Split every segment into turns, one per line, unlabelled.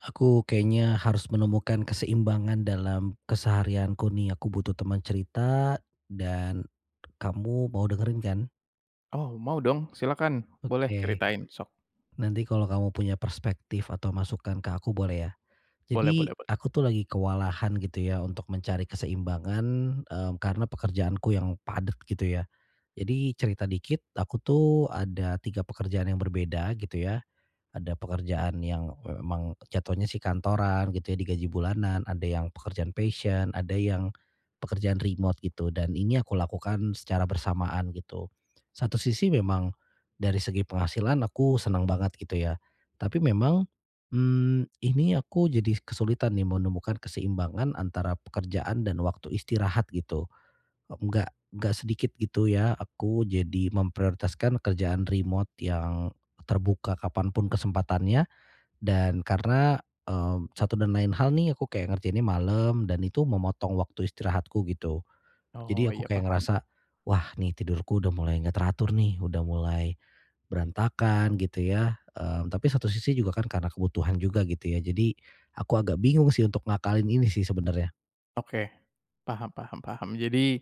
Aku kayaknya harus menemukan keseimbangan dalam keseharianku nih, aku butuh temen cerita dan kamu mau dengerin kan?
Oh, mau dong, silahkan! Boleh
Oke.
ceritain, sok.
Nanti kalau kamu punya perspektif atau masukan ke aku boleh ya.
Boleh
Jadi,
boleh boleh.
aku tuh lagi kewalahan, gitu ya, untuk mencari keseimbangan, mmm, karena pekerjaanku yang padat, gitu ya. Jadi cerita dikit, aku tuh ada 3 pekerjaan yang berbeda, gitu ya. Ada pekerjaan yang, e emang jatuhnya sih kantoran, gitu ya, di gaji bulanan. Ada yang pekerjaan passion, ada yang pekerjaan remote gitu. Dan ini aku lakukan secara bersamaan, gitu. Satu sisi memang dari segi penghasilan aku seneng banget, gitu ya. Tapi memang, mmm, ini aku jadi kesulitan nih menemukan keseimbangan antara pekerjaan dan waktu istirahat, gitu. E enggak enggak sedikit, gitu ya, aku jadi memprioritaskan kerjaan remote yang terbuka kapanpun kesempatannya. Dan karena, eee, satu dan lain hal nih aku kayak ngerjainnya malem dan itu memotong waktu istirahatku, gitu. Jadi
Oh,
aku
iya,
kayak
paham.
ngerasa, "Wah, nih tidurku udah mulai enggak teratur nih. Udah mulai berantakan." Gitu ya. Mmm, tapi satu sisi juga kan karena kebutuhan juga, gitu ya. Jadi aku agak bingung sih untuk ngakalin ini sih sebenernya.
Oke. Paham paham paham. Jadi,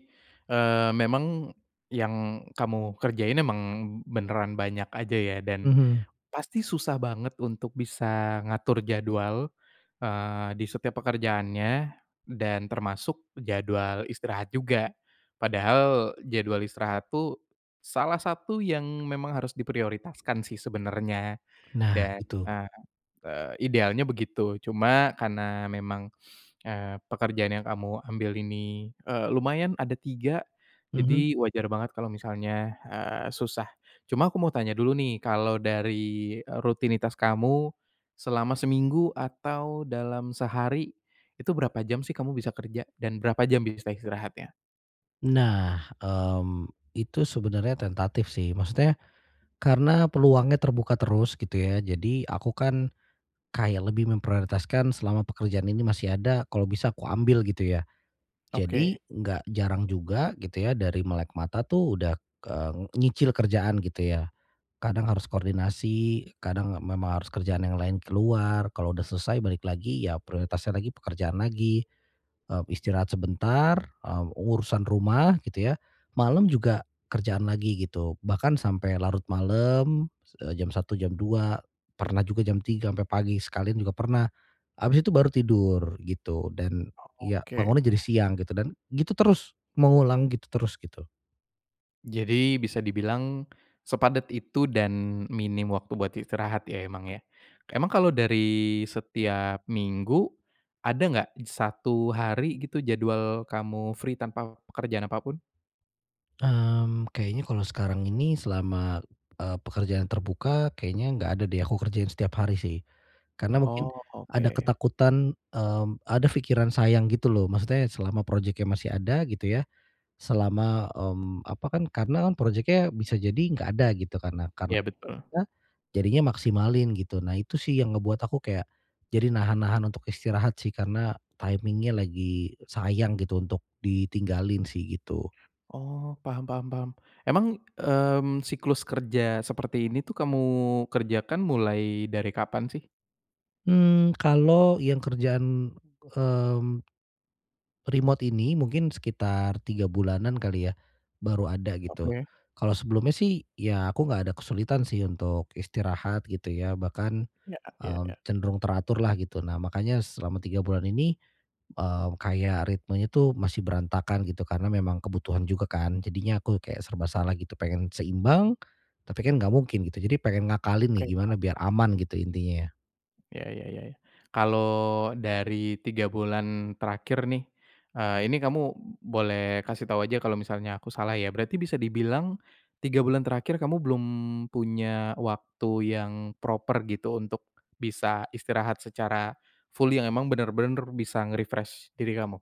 eee, memang yang kamu kerjain emang beneran banyak aja ya dan
Mhm.
pasti susah banget untuk bisa ngatur jadwal, eee, di setiap pekerjaannya dan termasuk jadwal istirahat juga. Padahal jadwal istirahat tuh salah satu yang memang harus diprioritaskan sih sebenernya
Nah
dan,
gitu.
ah, eee, idealnya begitu. Cuma karena memang, eee, pekerjaan yang kamu ambil ini, eee, lumayan ada 3,
Mhm.
jadi wajar banget kalau misalnya, eee, susah. Cuma aku mau tanya dulu nih kalau dari, eee, rutinitas kamu selama seminggu atau dalam sehari, itu berapa jam sih kamu bisa kerja dan berapa jam bisa istirahatnya?
Nah, mmm, itu sebenernya tentatif sih. Maksudnya karena peluangnya terbuka terus gitu ya, jadi aku kan kayak lebih memprioritaskan selama pekerjaan ini masih ada, kalau bisa aku ambil gitu ya. Jadi
Oke.
enggak jarang juga gitu ya dari melek mata tuh udah, eee, nyicil kerjaan gitu ya. Kadang harus koordinasi, kadang memang harus kerjaan yang lain keluar. Kalau udah selesai balik lagi ya prioritasnya lagi pekerjaan lagi. Eee, istirahat sebentar, eee, urusan rumah gitu ya. Malem juga kerjaan lagi gitu. Bahkan sampai larut malem, eee, jam 1.00 jam 2.00, pernah juga jam 3.00 sampai pagi sekalian juga pernah, abis itu baru tidur, gitu. Dan
Oh
iya,
oke.
bangunnya jadi siang gitu dan gitu terus, mengulang gitu terus gitu.
Jadi bisa dibilang, sepadat itu dan minim waktu buat istirahat ya emang ya. Emang kalau dari setiap minggu, ada enggak satu hari gitu, jadwal kamu free tanpa pekerjaan apapun?
Mmm, kayaknya kalau sekarang ini selama e pekerjaan terbuka, kayaknya enggak ada deh, aku kerjain setiap hari sih. Karena mungkin
Oh,
ada
oke.
ketakutan, mmm, ada pikiran sayang gitu loh. Maksudnya selama projeknya masih ada, gitu ya. Selama, mmm, apa kan karena kan projeknya bisa jadi enggak ada, gitu. Karena karena
Iya, betul.
ya? Jadinya maksimalin gitu. Nah, itu sih yang ngebuat aku kayak, jadi nahan-nahan untuk istirahat sih karena timing-nya lagi sayang gitu, untuk ditinggalin sih, gitu.
Oh. Paham paham paham. Emang, mmm, siklus kerja seperti ini tuh kamu kerjakan mulai dari kapan sih?
Mmm, kalau yang kerjaan, mmm, remote ini, mungkin sekitar 3 bulanan kali ya. Baru ada, gitu.
Oke.
Kalau sebelumnya sih, ya aku enggak ada kesulitan sih untuk istirahat, gitu ya. Bahkan
Iya iya
m
iya.
cenderung teratur lah, gitu. Nah makanya selama 3 bulan ini, eee, kayak ritmenya tuh masih berantakan, gitu. Karena memang kebutuhan juga kan. Jadinya aku kayak serba salah gitu. Pengen seimbang, tapi kan enggak mungkin, gitu. Jadi pengen ngakalin nih
Oke, paham.
gimana biar aman, gitu intinya.
Ya ya ya. Kalau dari 3 bulan terakhir nih, eee, ini kamu boleh kasih tahu saja kalau misalnya aku salah ya. Berarti bisa dibilang, 3 bulan terakhir kamu belum punya waktu yang proper gitu untuk bisa istirahat secara fully, yang emang bener-bener bisa nge-refresh diri kamu?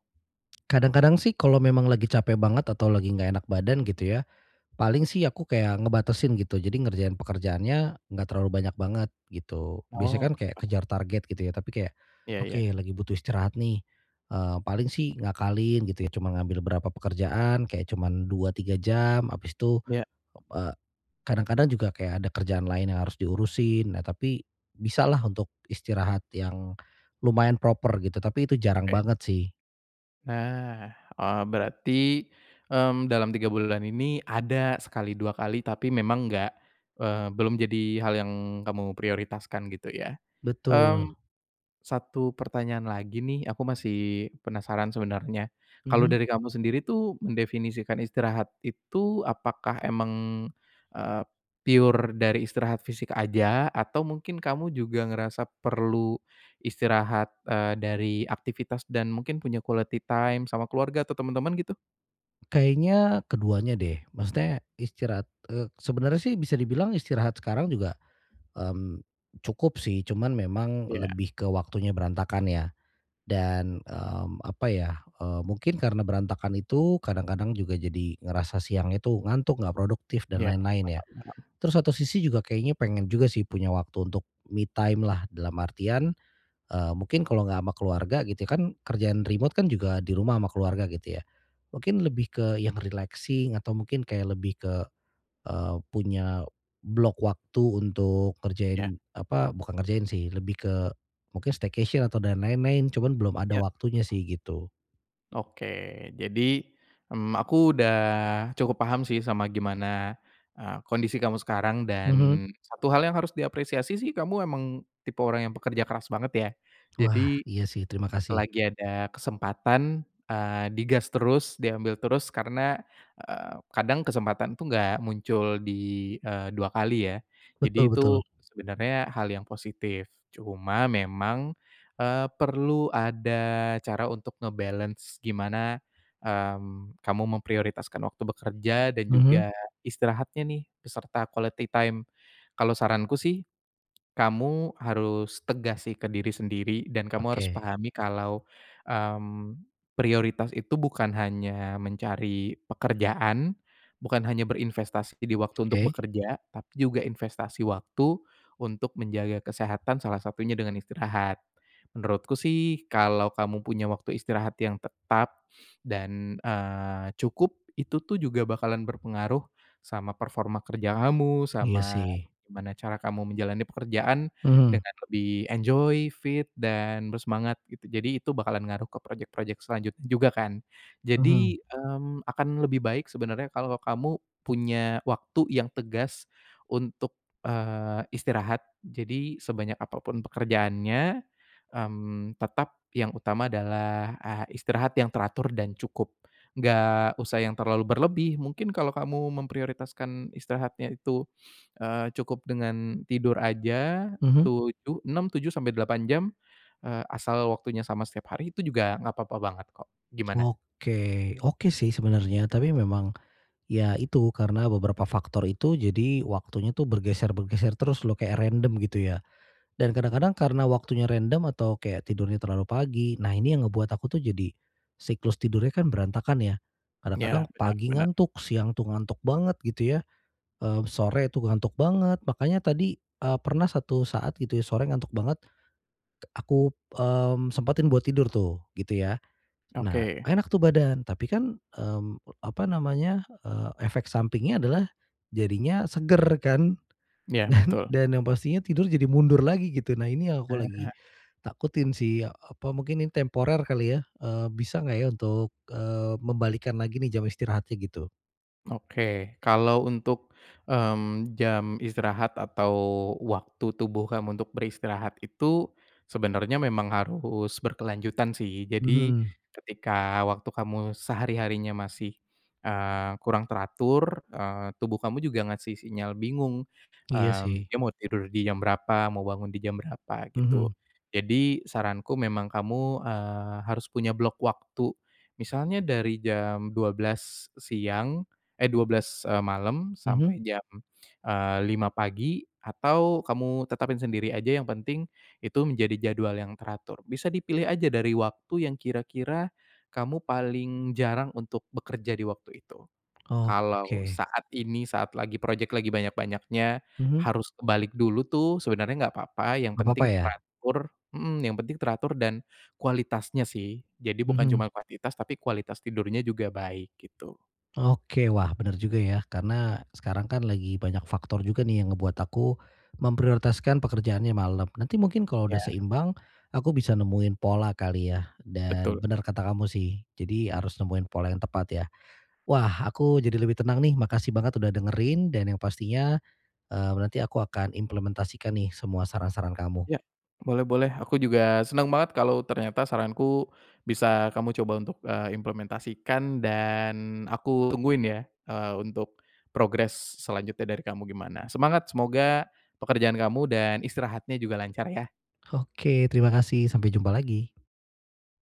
Kadang-kadang sih kalau memang lagi capek banget atau lagi enggak enak badan gitu ya, paling sih aku kayak ngebatasin gitu. Jadi ngerjain pekerjaannya enggak terlalu banyak banget, gitu. Biasanya
Oh,
kan
oke
kayak
Pak.
kejar target gitu ya. Tapi kayak,
Iya
"Oke
iya.
lagi butuh istirahat nih." Eee, paling sih ngakalin gitu ya cuman ngambil berapa pekerjaan kayak cuman 2, 3 jam abis tuh,
Iya.
eee kadang-kadang juga kayak ada kerjaan lain yang harus diurusin. Nah tapi, bisalah untuk istirahat yang lumayan proper gitu. Tapi itu jarang
Oke.
banget sih.
Nah, oh berarti, mmm, dalam 3 bulan ini ada sekali, 2 kali, tapi memang enggak, eee, belum jadi hal yang kamu prioritaskan gitu ya.
Betul.
Mmm, 1 pertanyaan lagi nih, aku masih penasaran sebenarnya. Kalau
Mhm.
dari kamu sendiri tuh mendefinisikan istirahat itu apakah memang, eee, pure dari istirahat fisik aja atau mungkin kamu juga ngerasa perlu istirahat, eee, dari aktivitas dan mungkin punya quality time sama keluarga atau temen-temen gitu?
Kayaknya keduanya deh. Maksudnya istirahat e sebenernya sih bisa dibilang istirahat sekarang juga, mmm, cukup sih. Cuman memang
Iya.
lebih ke waktunya berantakan ya. Dan, mmm, apa ya? E mungkin karena berantakan itu kadang-kadang juga jadi ngerasa siangnya tuh ngantuk, enggak produktif dan
Iya. Paham
lain-lain ya.
paham.
Terus satu sisi juga kayaknya pengen juga sih punya waktu untuk me time lah, dalam artian, eee, mungkin kalau enggak sama keluarga, gitu ya, kan kerjaan remote kan juga di rumah ama keluarga, gitu ya. Mungkin lebih ke yang relaxing atau mungkin kayak lebih ke e punya blok waktu untuk
Ya.
ngerjain, apa? Bukan ngerjain sih, lebih ke mungkin staycation atau dan lain-lain. Cuman belum ada
Ya.
waktunya sih, gitu.
Oke. Jadi, m aku udah cukup paham sih sama gimana e kondisi kamu sekarang.
Mhm.
Dan satu hal yang harus diapresiasi sih kamu emang tipe orang yang pekerja keras banget ya.
Wah.
Jadi,
Iya sih, terima kasih.
selagi ada kesempatan, eee, di gas terus, diambil terus. Karena, eee, kadang kesempatan itu enggak muncul di, eee, 2 kali ya. Jadi,
Betul betul.
tuh sebenarnya hal yang positif. Cuma memang, eee, perlu ada cara untuk nge-balance gimana, mmm, kamu memprioritaskan waktu bekerja dan
Mhm.
juga istirahatnya nih, beserta quality time. Kalau saranku sih, kamu harus tegas sih ke diri sendiri dan kamu harus
Oke.
pahami kalau, mmm, prioritas itu bukan hanya mencari pekerjaan, bukan hanya berinvestasi di waktu untuk
Oke.
bekerja, tapi juga investasi waktu untuk menjaga kesehatan, salah satunya dengan istirahat. Menurutku sih kalau kamu punya waktu istirahat yang tetap dan, eee, cukup, itu tuh juga bakalan berpengaruh sama performa kerja kamu.
Iya
Sama
sih.
gimana cara kamu menjalani pekerjaan
Mhm.
dengan lebih enjoy, fit dan bersemangat, gitu. Jadi, itu bakalan ngaruh ke projek-projek selanjutnya juga kan?
Mhm.
Jadi, mmm, akan lebih baik sebenernya kalau kamu punya waktu yang tegas untuk, eee, istirahat. Jadi, sebanyak apapun pekerjaannya, mmm, tetap yang utama adalah, ah, istirahat yang teratur dan cukup. Enggak usah yang terlalu berlebih. Mungkin kalau kamu memprioritaskan istirahatnya itu, eee, cukup dengan tidur aja
Mhm.
7, 6, 7-8 jam, eee, asal waktunya sama setiap hari, tuh juga nggak papa banget kok. Gimana?
Oke, oke sih sebenarnya. Tapi memang ya itu karena beberapa faktor itu jadi waktunya tuh bergeser-bergeser terus loh kayak random, gitu ya. Dan kadang-kadang karena waktunya random atau kayak tidurnya terlalu pagi. Nah, ini yang ngebuat aku tuh jadi siklus tidurnya kan berantakan ya.
Iya,
Kadang-kadang
benar
pagi
benar.
ngantuk, siang tuh ngantuk banget, gitu ya. Eee, sore tuh ngantuk banget. Makanya tadi e pernah satu saat, gitu ya, sore ngantuk banget. Ek aku, mmm, sempetin buat tidur tuh, gitu ya. Nah,
Oke.
enak tuh badan. Tapi kan, mmm, apa namanya? Eee, efek sampingnya adalah jadinya seger kan?
Ya,
Dan
betul.
dan yang pastinya tidur jadi mundur lagi, gitu. Nah, ini yang aku
Ah
lagi
hah.
takutin sih ya apa mungkin nih temporer kali ya? Eee, bisa enggak ya untuk, eee, membalikkan lagi nih jam istirahatnya, gitu.
Oke. Kalau untuk, mmm, jam istirahat atau waktu tubuh kamu untuk beristirahat itu sebenarnya memang harus berkelanjutan sih. Jadi
Mhm.
ketika waktu kamu sehari-harinya masih, eee, kurang teratur, eee, tubuh kamu juga ngasih sinyal bingung.
Iya
Mmm,
sih.
dia mau tidur di jam berapa, mau bangun di jam berapa gitu.
Mhm.
Jadi saranku memang kamu, eee, harus punya blok waktu. Misalnya dari jam 12:00 siang, eh, 12:00, eee, malem
Mhm.
sampai jam, eee, 5:00 pagi atau kamu tetapin sendiri aja yang penting itu menjadi jadwal yang teratur. Bisa dipilih aja dari waktu yang kira-kira kamu paling jarang untuk bekerja di waktu itu. Kalau
Oke.
saat ini saat lagi projek lagi banyak-banyaknya
Mhm.
harus kebalik dulu tuh sebenernya enggak papa yang
Nggak apa-apa
penting
ya.
teratur mhm, yang penting teratur dan kualitasnya sih. Jadi bukan
Mhm.
cuman kuantitas, tapi kualitas tidurnya juga baik, gitu.
Oke. Wah, bener juga ya, karena sekarang kan lagi banyak faktor juga nih yang ngebuat aku memprioritaskan pekerjaannya malam. Nanti mungkin kalau udah
Ya.
seimbang, aku bisa nemuin pola kali ya. Dan
Betul.
benar kata kamu sih jadi harus nemuin pola yang tepat ya. Wah, aku jadi lebih tenang nih. Makasih banget udah dengerin dan yang pastinya, eee, nanti aku akan implementasikan nih semua saran-saran kamu.
Ya, boleh boleh. Aku juga senang banget kalau ternyata saranku bisa kamu coba untuk, eee, implementasikan dan aku tungguin ya, eee, untuk progress selanjutnya dari kamu gimana. Semangat! Semoga pekerjaan kamu dan istirahatnya juga lancar ya.
Oke. Terima kasih. Sampai jumpa lagi.